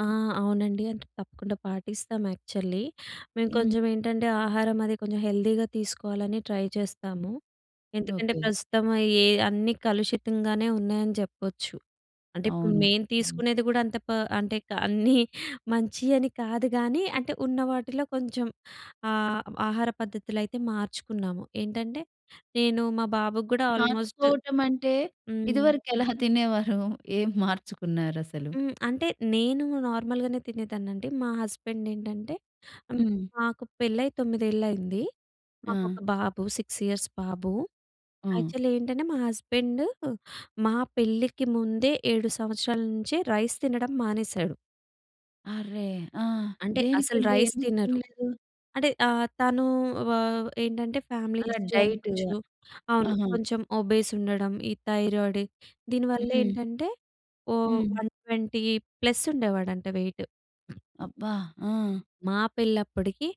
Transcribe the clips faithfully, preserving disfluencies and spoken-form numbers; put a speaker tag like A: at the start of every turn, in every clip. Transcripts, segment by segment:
A: ఆ! అవునండి. అంటే, తప్పకుండా పాటిస్తాం యాక్చల్లీ. మేము
B: హ్మ్.
A: కొంచమేంటంటే, ఆహారం అది కొంచెం హెల్దీగా తీసుకోవాలని ట్రై చేస్తాము. ఎందుకంటే,
B: ఓకే.
A: ప్రస్తుతము ఏ అన్నీ కలుషితంగానే ఉన్నాయని జెప్పొచ్చు. అంటే, ఇప్పుడు
B: అవును.
A: మేము తీసుకునేది గూడా అంత పా అంటే, క అన్నీ మంచియని కాదు గానీ, అంటే, ఉన్న వాటిలో కొంచం ఆహ్, ఆహార పద్ధతులైతే మార్చుకున్నాము. ఏంటంటే, నేను మా బాబుకు గూడా ఆల్‌మోస్ట్
B: మార్చుకోవటమంటే,
A: హ్మ్.
B: ఇదివరకెలా తినేవారు? ఏం మార్చుకున్నారసలు?
A: హ్మ్. అంటే, నేను నార్మల్‌గానే తినేదాన్నండి. మా హస్బెండేంటంటే ఆహ్,
B: హ్మ్.
A: మాకు పెళ్ళై తోమిదేళ్లయింది. మాకొక
B: ఆ!
A: బాబు. సిక్స్ ఇయర్స్ బాబు.
B: హ్మ్.
A: యాక్చల్లీ ఏంటంటే, మా హస్బెండూ మా పెళ్ళికి ముందే ఏడు సంవత్సరాల నుంచే రైస్ తినడం మానేశాడు.
B: అర్రె! ఆ!
A: అంటే, అసలు
B: దేనికండి?
A: రైస్
B: ఎందుకు
A: తినరు.
B: తినలేదు?
A: అంటే, అహ్, తనూ వా ఏంటంటే, ఫ్యామిలీ
B: అలా
A: హిస్టరీ
B: డైట్‌గా.
A: అనుకోచ్చు. అవును.
B: ఆహా!
A: కొంచం ఒబేసుండడం, ఈ థైరియోడి, దీని
B: హ్మ్.
A: వల్లేంటంటే, ఓ
B: హ్మ్.
A: వన్ ట్వెంటీ ప్లస్సుండేవాడంట వెయిట్.
B: అబ్బా! ఆ!
A: మా పెళ్ళప్పడుకీ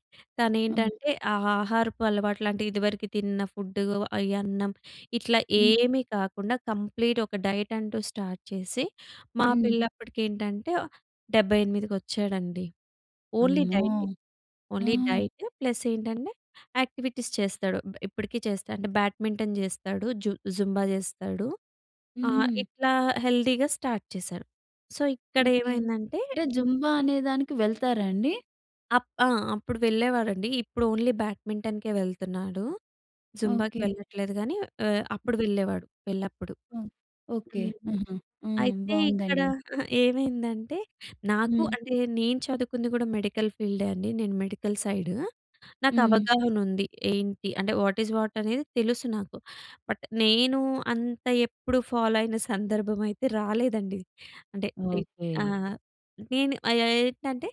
B: ఆ!
A: తనేంటంటే, ఆహ్, ఆహారపు అలవాట్లంటే, ఇదివరికి తిన్న ఫుడ్డు, అయి అన్నం, ఇట్లా
B: హ్మ్.
A: ఏమీ కాకుండా కంప్లీట్ ఒక డైటంటూ స్టార్ట్ చేసి, మా
B: హ్మ్.
A: పెళ్ళప్పటికేంటంటే, ఆహ్, డెబ్బై ఎనిమిదికి ఒచ్చాడండి. ఓన్లీ
B: అమ్మో!
A: డైటే. ఓన్లీ
B: ఆ!
A: డైట్ ప్లస్సేంటంటే, యాక్టివిటీస్ చేస్తాడు. బ్ ఇప్పడికి చేస్తాడు. అంటే, బ్యాట్ మింటెన్‌ జేస్తాడు, జు జుంబా చేస్తాడు. ఆహ్,
B: హ్మ్.
A: ఇట్లా హెల్దీగా స్టార్ట్ చేశాడు. So,
B: okay.
A: ఇక్కడేమైందంటే
B: అంటే, జుంబా అనే దానికి వెళ్తారా అండి?
A: అప్ ఆ! అప్పుడు వెళ్ళేవాడండి. ఇప్పుడు ఓన్లీ బ్యాట్ మింటెన్‌కే వెళ్తన్నాడు. జుంబాకి
B: ఓకే.
A: వెళ్ళట్లేదు గానీ, ఆహ్, అప్పుడు వెళ్ళేవాడు, పెళ్లప్పుడు.
B: హ్మ్. ఓకే.
A: హ్మ్.
B: హుహు. హ్మ్.
A: అయితే, ఇక్కడ
B: బావుందండి.
A: అహా! ఏమైందంటే, నాకు
B: హ్మ్.
A: అంటే, నేను చదువుకుంది గూడా మెడికల్ ఫీల్డే అండి. నేను మెడికల్ సైడ్.
B: హ్మ్.
A: నాకవగాహనుంది. ఏంటి అంటే, వాట్ ఇస్ వాట్ అనేది తెలుసు నాకు, బట్ నేనూ అంత ఎప్పుడు ఫాలో అయిన సందర్భమయితే రాలేదండి. అంటే, ఏ
B: ఓకే.
A: ఆ! నేను ఆహ్, యాయ్ ఏంటంటే,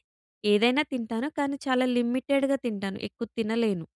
A: ఏదైనా తింటాను, కానీ చాలా లిమిటెడ్‌గా తింటాను. ఎక్కువ తినలేను.